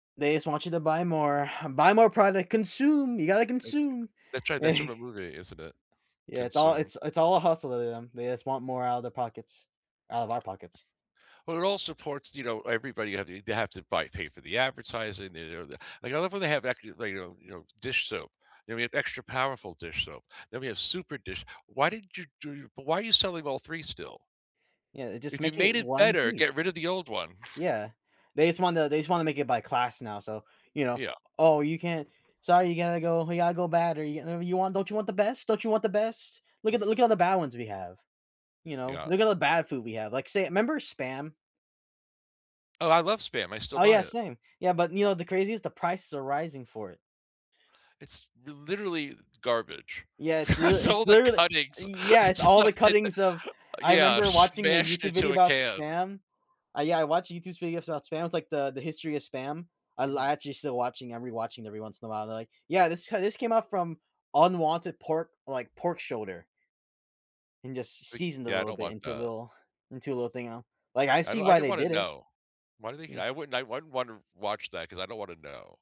They just want you to buy more, buy more product. Consume, you gotta [unintelligible] consume. That's right. That's from a movie, isn't it? Yeah, it's all Consume. it's it's all a hustle to them. They just want more out of the pockets, out of our pockets. Well, it all supports, you know, everybody they have to they have to buy pay for the advertising, de re da like, I love when they ac uh, you know, you know, dish soap, then we have extra powerful dish soap, then we have super dish why did you do but why are selling all 3 still? Yeah. Just If you make it made it 1 better, piece. get rid of the old one. Yeah. They just wanna they just wanna make it by class now, so, you know, Yeah. "Oh, you can't Sorry, you gonna go we gotta go bad or you you want don't you want the best? Don't you want the best? Look at the look at all the bad ones we have." You know? Yeah. "Look at the bad food we have." Like, say, 'member Spam? Oh, I love Spam. I still Oh, buy yeah, it. same. Yeah, but, you know, the craziest, the prices are rising for it. It's l literally garbage. Yeah, it's l It's all it's the literally cuttings yeah, it's It's all all the the cuttings of I yeah, 'member watching a smashed YouTube into video a about can. Spam. Uh, yeah, I watched YouTube videos about Spam, it's like the the history of Spam. I'll Mhm. actually still watching, I'm rewatching every once in a while, they're like, "Yeah, this h this came up from unwanted pork, like pork shoulder" "and just s Ugh, seasoned a yeah, I little don't bit want into a that. little into a little thing, uh?" Like, I I see don't I why don't they wanna did it. know. Why do they Yeah. th I wouldn't I I wouldn't wanna watch that 'cause I don't wanna know.